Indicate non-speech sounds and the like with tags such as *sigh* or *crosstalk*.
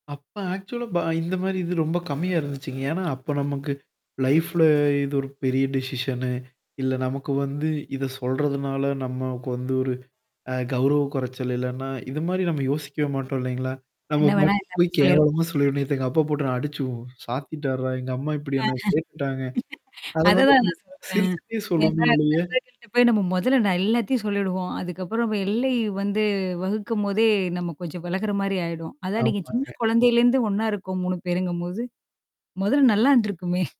அப்ப ஆக்சுவலா இந்த மாரி இது ரொம்ப கம்மியா இருந்துச்சுங்க. ஏன்னா, அப்ப நமக்கு லைஃப்ல இது ஒரு பெரிய டிசிஷன்னு. இல்ல, நமக்கு வந்து இத சொல்றதுனால, நம்மக்கு வந்து ஒரு ஆ, கௌரவ குறைச்சல் இல்லன்னா, இது மாரி நம்ம யோசிக்கவே மாட்டோம் இல்லைங்களா? நம்ம என்ன வேணா பட்டு எல்லாமே போய், சொல்லியிருப்போம். "கேவலமா சொல்லி, நேத்து ஏங்க அப்பா போட்டு அடிச்சு சாத்திட்டார்டா? எங்க அம்மா ஆஹ. இப்படி என்ன கேட்டுட்டாங்க." *laughs* அத அத வந்து தான் நம்ம நான் சிறுச்சுடேயே சொல்றேன். சொல்லுவோமே ஏன்னா, ஒழிய நண்பர்கள்கிட்ட போய் நம்ம மொதல்ல நான் எல்லாத்தையும் சொல்லிடுவோம். அதுக்கப்பறம் எல்லை வந்து வகுக்கும்போதே நம்ம கொஞ்சம் விலகுற மாரி ஆயிடும். அதான் நீங்க சின்ன ஆமாங்க. குழந்தையிலேருந்து ஒண்ணா இருக்கோம் 3 பேருங்கும்போது. மொதல் நல்லா இருந்திருக்குமே!